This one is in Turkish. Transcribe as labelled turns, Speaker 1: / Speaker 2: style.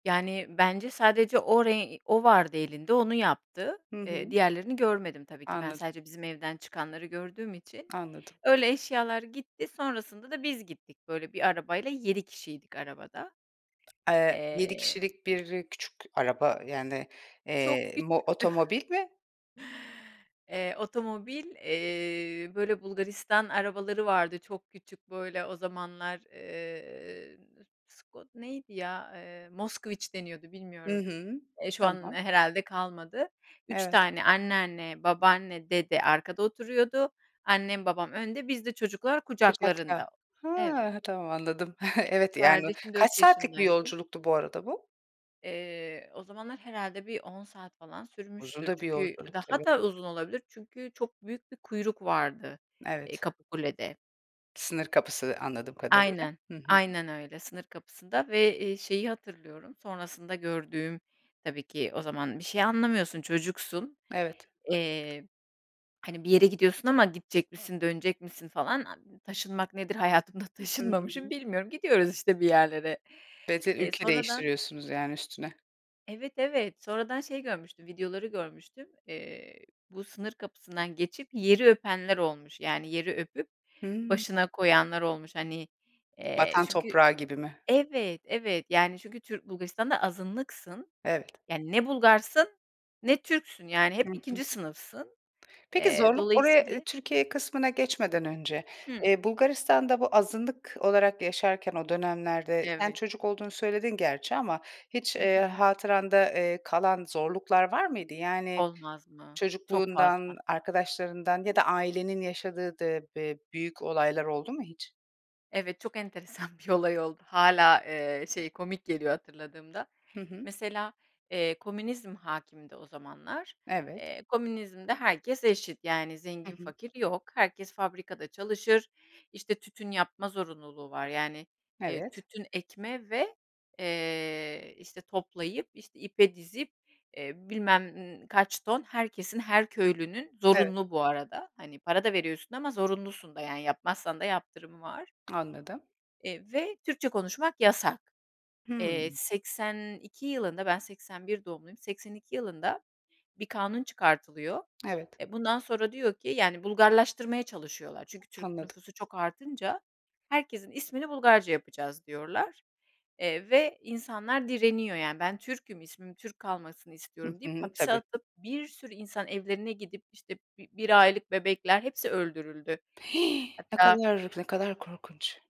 Speaker 1: Yani, bence sadece o ren o vardı elinde onu yaptı,
Speaker 2: Hı
Speaker 1: eee,
Speaker 2: hı.
Speaker 1: diğerlerini görmedim tabii ki ben
Speaker 2: Anladım.
Speaker 1: sadece bizim evden çıkanları gördüğüm için.
Speaker 2: Anladım.
Speaker 1: Öyle eşyalar gitti, sonrasında da biz gittik böyle 1 arabayla 7 kişiydik arabada,
Speaker 2: Eee, 7
Speaker 1: eee
Speaker 2: kişilik 1 küçük araba, yani,
Speaker 1: Çok
Speaker 2: eee, mo
Speaker 1: küçüktü.
Speaker 2: otomobil mi?
Speaker 1: Eee, otomobil, eee, böyle Bulgaristan arabaları vardı çok küçük böyle o zamanlar. Eee, Sko neydi ya, eee, Moskoviç deniyordu
Speaker 2: Hı
Speaker 1: bilmiyorum.
Speaker 2: hı,
Speaker 1: Eee, şu an
Speaker 2: tamam.
Speaker 1: herhâlde kalmadı. 3
Speaker 2: Evet.
Speaker 1: tane anneanne, babaanne, dede arkada oturuyordu; annem, babam önde biz de çocuklar kucaklarında,
Speaker 2: Kucakta.
Speaker 1: evet.
Speaker 2: Hee, tamam anladım. Evet, yani,
Speaker 1: Kardeşim
Speaker 2: kaç
Speaker 1: 4
Speaker 2: saatlik bir
Speaker 1: yaşındaydı.
Speaker 2: yolculuktu bu arada bu?
Speaker 1: Eee, o zamanlar herhâlde bir on saat falan
Speaker 2: Uzun
Speaker 1: sürmüştür
Speaker 2: da bir
Speaker 1: çünkü
Speaker 2: yolculuk
Speaker 1: daha
Speaker 2: tabii.
Speaker 1: da uzun olabilir, çünkü çok büyük bir kuyruk vardı, eee,
Speaker 2: Evet.
Speaker 1: Kapıkule'de.
Speaker 2: Sınır kapısı anladığım kadarıyla,
Speaker 1: Aynen,
Speaker 2: hı hı.
Speaker 1: aynen öyle. Sınır kapısında ve, eee, şeyi hatırlıyorum, sonrasında gördüğüm tabii ki o zaman bir şey anlamıyorsun, çocuksun.
Speaker 2: Evet.
Speaker 1: Eee, hani, bir yere gidiyorsun ama gidecek misin, dönecek misin falan a taşınmak nedir hayatımda
Speaker 2: Hı
Speaker 1: taşınmamışım
Speaker 2: hı.
Speaker 1: bilmiyorum gidiyoruz işte bir yerlere.
Speaker 2: Ve de
Speaker 1: Eee,
Speaker 2: ülke
Speaker 1: sonradan
Speaker 2: değiştiriyorsunuz, yani, üstüne.
Speaker 1: Evet, evet. Sonradan şey görmüştüm videoları görmüştüm, eee, bu sınır kapısından geçip, eee, yeri öpenler olmuş, yani, yeri öpüp
Speaker 2: Hımm.
Speaker 1: başına koyanlar olmuş. Hani, eee,
Speaker 2: Vatan
Speaker 1: çünkü
Speaker 2: toprağı gibi mi?
Speaker 1: Evet evet, yani, çünkü Türk Bulgaristan'da azınlıksın.
Speaker 2: Evet.
Speaker 1: Yani, ne Bulgarsın ne Türksün. Yani hep
Speaker 2: Hı hı.
Speaker 1: 2. sınıfsın.
Speaker 2: Peki,
Speaker 1: Eee,
Speaker 2: zorluk oraya, ııı,
Speaker 1: dolayısıyla
Speaker 2: Türkiye kısmına geçmeden önce,
Speaker 1: Hı.
Speaker 2: eee, Bulgaristan'da bu azınlık olarak yaşarken o dönemlerde, sen
Speaker 1: Evet.
Speaker 2: çocuk olduğunu söyledin gerçi ama hiç,
Speaker 1: Hı
Speaker 2: eee,
Speaker 1: hı.
Speaker 2: hatıranda, eee, kalan zorluklar var mıydı? Yani
Speaker 1: Olmaz mı? Çok
Speaker 2: çocukluğundan,
Speaker 1: fazla.
Speaker 2: arkadaşlarından ya da ailenin yaşadığı dı be büyük olaylar oldu mu hiç?
Speaker 1: Evet, çok enteresan bir olay oldu hâlâ, eee, şey komik geliyor hatırladığımda.
Speaker 2: Hı hı.
Speaker 1: Mesela, eee, komünizm hâkimdi o zamanlar.
Speaker 2: Evet.
Speaker 1: Eee, komünizmde herkes eşit, yani,
Speaker 2: Hı
Speaker 1: zengin
Speaker 2: hı.
Speaker 1: fakir yok. Herkes fabrikada çalışır işte tütün yapma zorunluluğu var. Yani, eee,
Speaker 2: Evet.
Speaker 1: tütün ekme ve, eee, işte toplayıp işte ipe dizip, eee, bilmem kaç ton herkesin her köylünün
Speaker 2: Evet.
Speaker 1: zorunlu bu arada, hani, para da veriyorsun ama zorunlusun da, yani, yapmazsan da yaptırımı var.
Speaker 2: Anladım.
Speaker 1: Eee, ve Türkçe konuşmak yasak. Eee,
Speaker 2: Hımm.
Speaker 1: 82 yılında ben 81 doğumluyum, 82 yılında bir kanun çıkartılıyor.
Speaker 2: Evet.
Speaker 1: E, bundan sonra diyor ki, yani, Bulgarlaştırmaya çalışıyorlar. Çünkü Türk
Speaker 2: Anladım.
Speaker 1: nüfusu çok artınca herkesin ismini Bulgarca yapacağız diyorlar. Eee, ve insanlar direniyor, yani, ben Türk'üm ismim Türk kalmasını
Speaker 2: Hı
Speaker 1: istiyorum deyip
Speaker 2: hı,
Speaker 1: hapse
Speaker 2: tabii.
Speaker 1: atıp bir sürü insan evlerine gidip işte b bir aylık bebekler hepsi öldürüldü.
Speaker 2: Hih. Ne
Speaker 1: Hatta
Speaker 2: kadar, ne kadar korkunç.